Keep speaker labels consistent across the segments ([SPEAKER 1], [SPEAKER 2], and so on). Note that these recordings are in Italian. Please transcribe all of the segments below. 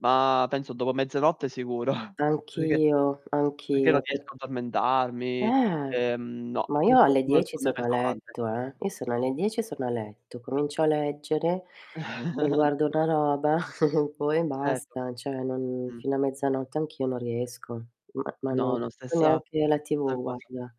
[SPEAKER 1] Ma penso dopo mezzanotte sicuro. Perché
[SPEAKER 2] Anch'io,
[SPEAKER 1] perché non
[SPEAKER 2] anch'io, per
[SPEAKER 1] riesco a addormentarmi,
[SPEAKER 2] Eh.
[SPEAKER 1] ehm, no,
[SPEAKER 2] Ma io
[SPEAKER 1] purtroppo
[SPEAKER 2] alle
[SPEAKER 1] non ho il
[SPEAKER 2] 10
[SPEAKER 1] sonno
[SPEAKER 2] sono a
[SPEAKER 1] pesante.
[SPEAKER 2] letto, eh, io sono alle 10 sono a letto, comincio a leggere, mi guardo una roba, poi
[SPEAKER 1] Certo.
[SPEAKER 2] basta, cioè non
[SPEAKER 1] Mh.
[SPEAKER 2] fino a mezzanotte anch'io non riesco, ma ma non
[SPEAKER 1] No, no,
[SPEAKER 2] guardo
[SPEAKER 1] stessa
[SPEAKER 2] neanche la TV
[SPEAKER 1] [unintelligible] cosa.
[SPEAKER 2] guarda.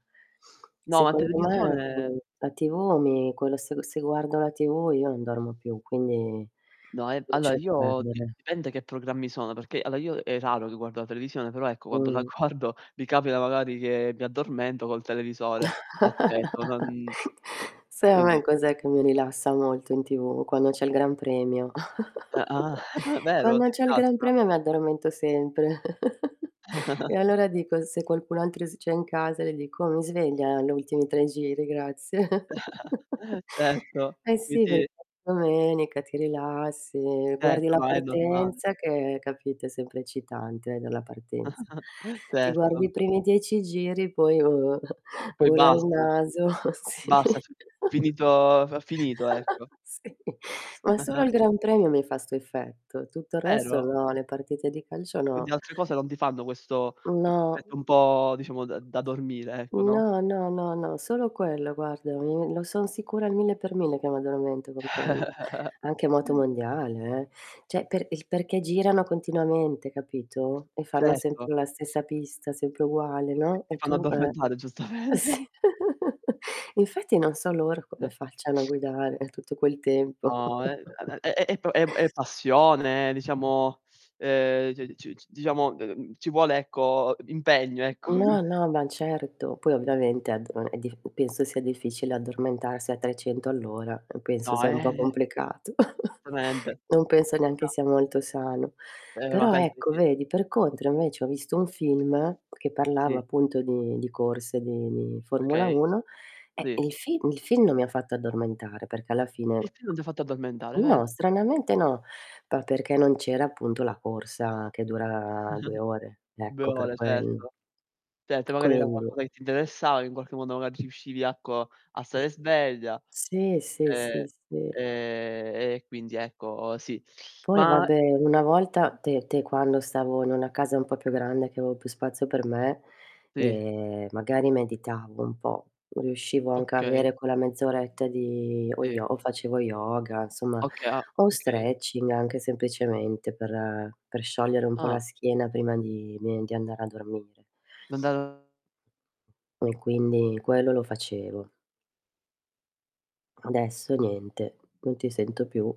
[SPEAKER 1] No, ma
[SPEAKER 2] Secondo me,
[SPEAKER 1] televisione
[SPEAKER 2] ecco, la TV mi quello se g se guardo la TV io non dormo più, quindi
[SPEAKER 1] No, ehm, allora
[SPEAKER 2] lascio
[SPEAKER 1] io di
[SPEAKER 2] perdere.
[SPEAKER 1] dipende che programmi sono, perché allora io è raro che guardo la televisione, però, ecco, quando la
[SPEAKER 2] Mh.
[SPEAKER 1] guardo mi capita, magari, che mi addormento col televisore acceso, non
[SPEAKER 2] Sai a me
[SPEAKER 1] quindi
[SPEAKER 2] cos'è che mi rilassa molto in TV? Quando c'è il Gran Premio.
[SPEAKER 1] Uhm, ah, vero,
[SPEAKER 2] Quando
[SPEAKER 1] ti
[SPEAKER 2] c'è il gran
[SPEAKER 1] rilassa?
[SPEAKER 2] premio mi addormento sempre. E allora dico se qualcun altro s c'è in casa le dico: "Oh mi svegli agli ultimi 3 giri grazie."
[SPEAKER 1] Certo.
[SPEAKER 2] Eh, sì
[SPEAKER 1] Quindi
[SPEAKER 2] perché domenica ti rilassi, guardi
[SPEAKER 1] Certo,
[SPEAKER 2] la
[SPEAKER 1] no, è normale.
[SPEAKER 2] partenza che, capito, è sempre eccitante dalla partenza, ti guardi
[SPEAKER 1] Certo.
[SPEAKER 2] i primi 10 giri poi [unintelligible]
[SPEAKER 1] E poi
[SPEAKER 2] bolla al
[SPEAKER 1] basta eh,
[SPEAKER 2] naso. Sì.
[SPEAKER 1] basta, f finito f finito, ecco.
[SPEAKER 2] Sì. Ma solo al Gran Premio mi fa 'sto effetto. Tutto il resto
[SPEAKER 1] Vero.
[SPEAKER 2] no, le partite di calcio
[SPEAKER 1] Oddio,
[SPEAKER 2] no.
[SPEAKER 1] altre cose non ti fanno questo questo
[SPEAKER 2] No.
[SPEAKER 1] effetto un po', diciamo, da da dormire, ecco, no.
[SPEAKER 2] No, no, no, no, solo quello guarda, i lo son sicura al 1000 per 1000 che m'addormento con quello. Anche Motomondiale eh, cioè per il perché girano continuamente capito, e fanno
[SPEAKER 1] Certo.
[SPEAKER 2] sempre la stessa pista, sempre uguale,
[SPEAKER 1] T
[SPEAKER 2] no,
[SPEAKER 1] ti
[SPEAKER 2] e
[SPEAKER 1] fanno
[SPEAKER 2] tu eh.
[SPEAKER 1] addormentare, giustamente.
[SPEAKER 2] Sì, infatti non so loro come facciano a guidare tutto quel tempo.
[SPEAKER 1] No, è uhm, è è è p è p è passione, è diciamo, uhm, e c c diciamo, uhm, ci vuole ecco, uhm, impegno, ecco, [unintelligible]
[SPEAKER 2] No no, ma certo. Poi ovviamente a d uhm, è diff penso sia difficile addormentarsi a 300 all'ora, uhm, penso
[SPEAKER 1] No,
[SPEAKER 2] sia un po'
[SPEAKER 1] eh
[SPEAKER 2] complicato.
[SPEAKER 1] Solutamente.
[SPEAKER 2] Non penso neanche
[SPEAKER 1] Già.
[SPEAKER 2] sia molto sano.
[SPEAKER 1] Ehm, ma
[SPEAKER 2] Però
[SPEAKER 1] penso
[SPEAKER 2] ecco,
[SPEAKER 1] di
[SPEAKER 2] vedi, per contro invece ho visto un film che parlava
[SPEAKER 1] Sì.
[SPEAKER 2] appunto di di corse di di Formula
[SPEAKER 1] Okay.
[SPEAKER 2] 1, e
[SPEAKER 1] Sì.
[SPEAKER 2] il film il film non mi ha fatto addormentare, perché alla fine
[SPEAKER 1] Il film non ti ha fatto addormentare, ved
[SPEAKER 2] no, stranamente no, pa perché non c'era appunto la corsa che dura 2 ore,
[SPEAKER 1] 2
[SPEAKER 2] ecco per
[SPEAKER 1] ore,
[SPEAKER 2] quel
[SPEAKER 1] certo. Certo, e magari era
[SPEAKER 2] quindi
[SPEAKER 1] qualcosa che ti interessava, che in qualche modo magari riuscivi, ecco, a stare sveglia,
[SPEAKER 2] Sì, sì,
[SPEAKER 1] ehm,
[SPEAKER 2] sì, sì.
[SPEAKER 1] ehm, e quindi, ecco, sì.
[SPEAKER 2] Poi
[SPEAKER 1] Ma
[SPEAKER 2] vabbè una volta te te quando stavo in una casa un po' più grande, che avevo più spazio per me,
[SPEAKER 1] Sì.
[SPEAKER 2] e magari meditavo un po', riuscivo anche a avere
[SPEAKER 1] Okay.
[SPEAKER 2] quella mezz'oretta di o
[SPEAKER 1] Sì.
[SPEAKER 2] yo o facevo yoga, insomma,
[SPEAKER 1] Oka ah,
[SPEAKER 2] o
[SPEAKER 1] okay.
[SPEAKER 2] stretching, anche semplicemente, per per sciogliere un po' la
[SPEAKER 1] Ah.
[SPEAKER 2] schiena prima di me di andare a dormire.
[SPEAKER 1] M'ha andata
[SPEAKER 2] E quindi, quello lo facevo adesso niente. Non ti sento più.